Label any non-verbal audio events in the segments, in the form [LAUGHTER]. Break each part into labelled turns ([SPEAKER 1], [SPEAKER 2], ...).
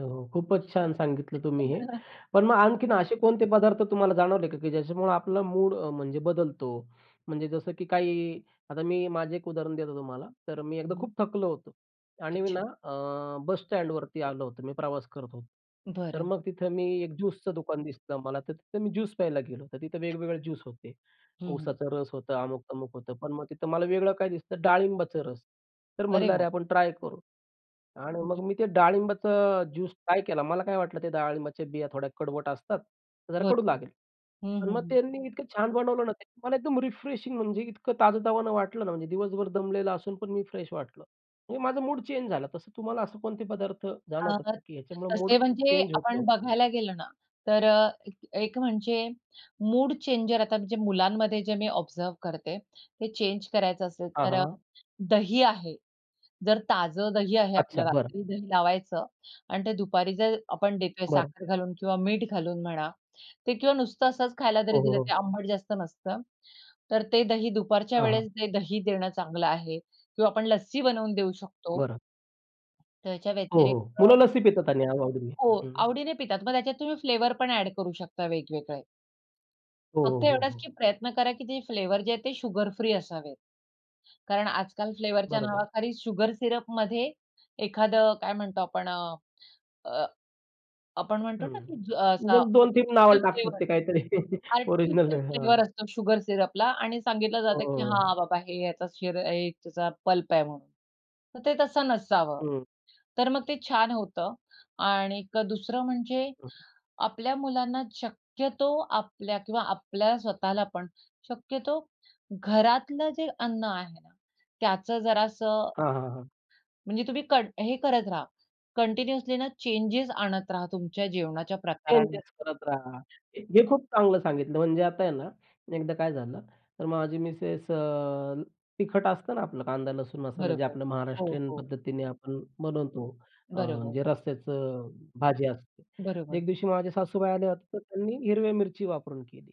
[SPEAKER 1] हो, हो, खूपच छान सांगितलं तुम्ही हे.
[SPEAKER 2] [LAUGHS]
[SPEAKER 1] पण मग आणखीन असे कोणते पदार्थ तुम्हाला जाणवले का की ज्याच्यामुळं आपला मूड अ, म्हणजे बदलतो. म्हणजे जसं की काही आता मी माझं एक उदाहरण देतो तुम्हाला. तर मी
[SPEAKER 2] हं,
[SPEAKER 1] एकदा खूप
[SPEAKER 2] हं.
[SPEAKER 1] थकलो होतो आणि
[SPEAKER 2] अच्छा.
[SPEAKER 1] ना, अ, बस स्टँडवरती आलो होतो, मी प्रवास करत होतो. तर
[SPEAKER 2] बरं.
[SPEAKER 1] मग तिथं मी एक ज्यूसचं दुकान दिसलं मला. तर तिथं मी ज्यूस प्यायला गेलो. तर तिथं वेगवेगळे ज्यूस होते.
[SPEAKER 2] हं, हं.
[SPEAKER 1] ऊसाचा रस होतं, अमुक-तमुक होतं. पण मग तिथं मला वेगळं काय दिसतं डाळिंबाचा रस. तर
[SPEAKER 2] अरे
[SPEAKER 1] म्हणलं
[SPEAKER 2] वाह!
[SPEAKER 1] अरे आपण ट्राय करू आणि मग
[SPEAKER 2] [UNINTELLIGIBLE]
[SPEAKER 1] मी ते डाळिंबाचा ज्यूस ट्राय केला. मला काय वाटलं ते डाळिंबाच्या बिया थोड्या कडवट असतात, जरा कडू
[SPEAKER 2] बरोबर.
[SPEAKER 1] लागेल.
[SPEAKER 2] हं,
[SPEAKER 1] पण
[SPEAKER 2] हं,
[SPEAKER 1] मग
[SPEAKER 2] हं.
[SPEAKER 1] त्यांनी इतकं छान बनवलं ना, त्याने मला एकदम रिफ्रेशिंग म्हणजे इतकं ताजतावान वाटलं ना, म्हणजे दिवसभर दमलेला असून पण मी फ्रेश वाटलं. म्हणजे माझं मूड चेंज झालं. तसं तुम्हाला असं कोणते पदार्थ
[SPEAKER 2] अ,
[SPEAKER 1] जाणवतात का, की ह्याच्यामुळे मूड
[SPEAKER 2] तसे म्हणजे
[SPEAKER 1] चेंज
[SPEAKER 2] आपण
[SPEAKER 1] होतो?
[SPEAKER 2] बघायला गेलो ना, तर अ, एक एक म्हणजे मूड चेंजर आता म्हणजे मुलांमध्ये जे मी ऑब्झर्व्ह करते. ते चेंज करायचं असेल,
[SPEAKER 1] हां,
[SPEAKER 2] तर अ,
[SPEAKER 1] हां.
[SPEAKER 2] दही आहे. जर ताजं दही आहे आपलं,
[SPEAKER 1] अच्छा, बरं.
[SPEAKER 2] रात्री दही लावायचं आणि ते दुपारी जर आपण देतोय
[SPEAKER 1] बरं.
[SPEAKER 2] साखर घालून किंवा मीठ घालून म्हणा. ते किंवा नुसतं असच खायला जरी
[SPEAKER 1] हो, हो,
[SPEAKER 2] दिलं, ते
[SPEAKER 1] हो.
[SPEAKER 2] आंबट जास्त नसतं. तर ते दही दुपारच्या
[SPEAKER 1] हां, हां.
[SPEAKER 2] वेळेस ते दही देणं चांगलं आहे किंवा आपण लस्सी बनवून देऊ शकतो.
[SPEAKER 1] बरं.
[SPEAKER 2] त्याच्या
[SPEAKER 1] हो, हो.
[SPEAKER 2] व्यतिरिक्त
[SPEAKER 1] मुलं लस्सी पितात आणि आ आवडीने.
[SPEAKER 2] हो,
[SPEAKER 1] हं.
[SPEAKER 2] आवडीने पितात. मग त्याच्यात तुम्ही फ्लेवर पण अ‍ॅड करू शकता वेगवेगळे.
[SPEAKER 1] हो,
[SPEAKER 2] फक्त
[SPEAKER 1] हो, हो,
[SPEAKER 2] एवढचं की
[SPEAKER 1] हो.
[SPEAKER 2] प्रयत्न करा, की जे फ्लेवर जे आहे ते शुगरफ्री असावेत, कारण आजकाल फ्लेवरच्या
[SPEAKER 1] बरोबर.
[SPEAKER 2] नावाखाली शुगर सिरपमध्ये एखादं काय म्हणतो आपण अ, अ आपण म्हणतो
[SPEAKER 1] हं.
[SPEAKER 2] ना, की ज असा
[SPEAKER 1] मग 2-3 नावावर
[SPEAKER 2] आर्टिफिशियल
[SPEAKER 1] टाकतात
[SPEAKER 2] फ्लेवर,
[SPEAKER 1] ते काहीतरी, ओरिजिनल
[SPEAKER 2] आर्टिफिशियल
[SPEAKER 1] नाही. हां.
[SPEAKER 2] फ्लेवर असतो शुगर सिरपला आणि सांगितलं
[SPEAKER 1] हो,
[SPEAKER 2] जातं,
[SPEAKER 1] हो,
[SPEAKER 2] की
[SPEAKER 1] हो.
[SPEAKER 2] हां बाबा, हे याचा शिर अ, त्याचा पल्प आहे म्हणून. तर ते तसं नसावं.
[SPEAKER 1] हं.
[SPEAKER 2] तर मग ते छान होतं आणि एक दुसरं म्हणजे आपल्या मुलांना शक्यतो आपल्या किंवा आपल्या स्वतःला पण शक्यतो घरातलं जे अन्न आहे ना, त्याच जरासं
[SPEAKER 1] हां, हां, हां.
[SPEAKER 2] म्हणजे तुम्ही कड हे करत रहा, कंटिन्युअसली ना, चेंजेस आणत रहा तुमच्या जेवणाच्या
[SPEAKER 1] चेंजेस
[SPEAKER 2] प्रकारांमध्ये.
[SPEAKER 1] करत राहा. हे हे खूप चांगलं सांगितलं, म्हणजे आता आहे ना, एकदा काय झालं, तर माझी मिसेस अ, तिखट असतं ना, आपलं कांदा, लसूण मसाला जे
[SPEAKER 2] बरोबर.
[SPEAKER 1] आपलं
[SPEAKER 2] हो,
[SPEAKER 1] महाराष्ट्रीयन
[SPEAKER 2] हो.
[SPEAKER 1] पद्धतीने आपण बनवतो. अ,
[SPEAKER 2] बरोबर.
[SPEAKER 1] म्हणजे रस्याचं भाजी असते.
[SPEAKER 2] बरोबर.
[SPEAKER 1] एक दिवशी माझे सासूबाई आले होते, तर त्यांनी हिरव्या मिरची वापरून केली.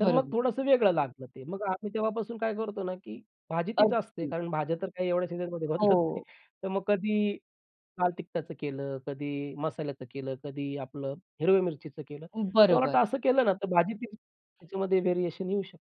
[SPEAKER 1] तर मग
[SPEAKER 2] बरोबर.
[SPEAKER 1] थोडंसं वेगळं लागलं ते. मग आम्ही तेव्हापासून काय करतो ना, की भाजी तीच असते
[SPEAKER 2] अगदी.
[SPEAKER 1] कारण भाज्या तर काय एवढ्या सीझनमध्ये बदलत नाही
[SPEAKER 2] हो.
[SPEAKER 1] तर मग कधी लाल तिखटाचं केलं, कधी मसाल्याचं केलं, कधी आपलं हिरव्या मिरचीचं केलं.
[SPEAKER 2] अ,
[SPEAKER 1] तर मला
[SPEAKER 2] बरोबर.
[SPEAKER 1] वाटतं असं केलं ना, तर भाजीतही त्याच्यामध्ये व्हेरिएशन येऊ शकतं.